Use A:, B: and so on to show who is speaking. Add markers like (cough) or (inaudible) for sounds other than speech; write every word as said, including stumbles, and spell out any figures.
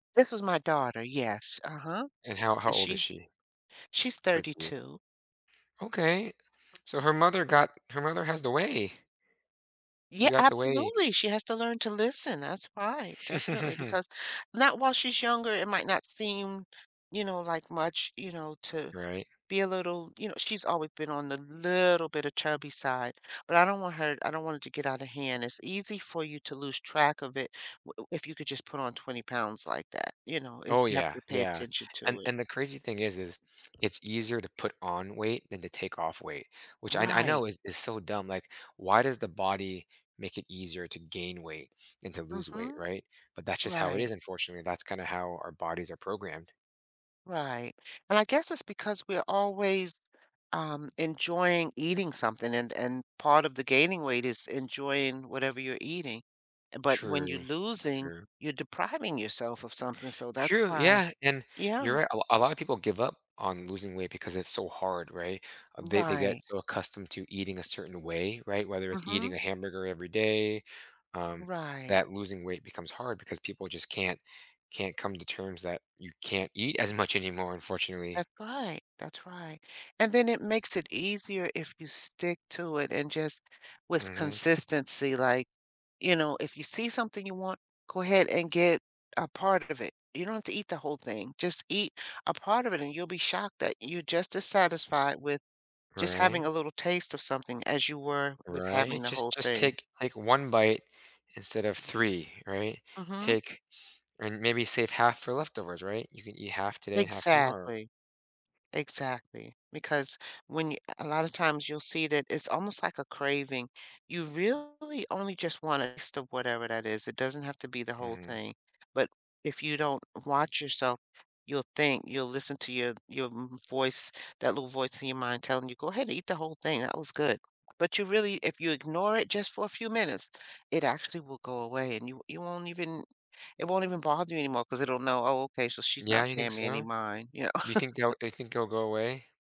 A: This was my daughter, yes, uh-huh.
B: And how how
A: And
B: old is
A: she
B: she?
A: she's
B: Pray clear
A: thirty-two.
B: Okay. So, her mother got her mother has the way.
A: Yeah,
B: You got the way.
A: absolutely, she has to learn to listen, that's right, definitely.
B: (chuckles)
A: Because not while she's younger, it might not seem, you know, like much, you know, to
B: Right.
A: be a little you know, she's always been on the little bit a chubby side, but I don't want her I don't want her to get out of hand. It's easy for you to lose track of it w if you could just put on twenty pounds like that, you know?
B: Oh
A: It's you have
B: yeah,
A: to pay
B: yeah.
A: attention
B: And
A: to it.
B: and the crazy thing is is, it's easier to put on weight than to take off weight. Which I kn I
A: Right.
B: know is is so dumb, like, why does the body make it easier to gain weight than to lose weight,
A: Mhm.
B: right? But that's just how it is,
A: Right.
B: unfortunately, that's kinda how our bodies are programmed.
A: Right. And I guess it's because we're always, um, enjoying eating something, and and part of the gaining weight is enjoying whatever you're eating. But when you're
B: True.
A: losing,
B: True.
A: you're depriving yourself of something, so that's
B: True,
A: why
B: yeah, and you're
A: Yeah.
B: right, a a lotta people give up on losing weight because it's so hard, right? Um, they they get
A: Right.
B: so accustomed to eating a certain way, right? Whether it's eating
A: Mhm.
B: a hamburger every day, um,
A: Right.
B: that losing weight becomes hard because people just can't can't come to terms that you can't eat as much anymore, unfortunately.
A: That's right, that's right. And then it makes it easier if you stick to it and just with
B: Mhm.
A: consistency, like you know, if you see something you want, go ahead and get a part of it. You don't have to eat the whole thing, just eat a part of it, and you'll be shocked that you're just as satisfied with just having
B: Right?
A: a little taste of something as you were with having
B: Right?
A: the
B: Just
A: whole
B: just
A: thing.
B: take, like, one bite instead of three, right?
A: Mhm.
B: Take and maybe save half for leftovers, right? You can eat half today and half tomorrow.
A: Exactly. Exactly, because when you a a lotta times you'll see that it's almost like a craving, you really only just want it as to whatever that is, it doesn't have to be the whole
B: Mhm.
A: thing. But if you don't watch yourself, you'll think you'll listen to your your m voice, that little voice in your mind telling you, "Go ahead eat the whole thing. That was good." But you really if you ignore it just for a few minutes, it actually will go away, and you w you won't even it won't even bother you anymore 'cause it'll know, "Oh, okay. So, she's not
B: Yeah, you think
A: paying me any
B: so?
A: mind," you know?
B: Do you think they'll
A: (chuckles)
B: you think they'll go away?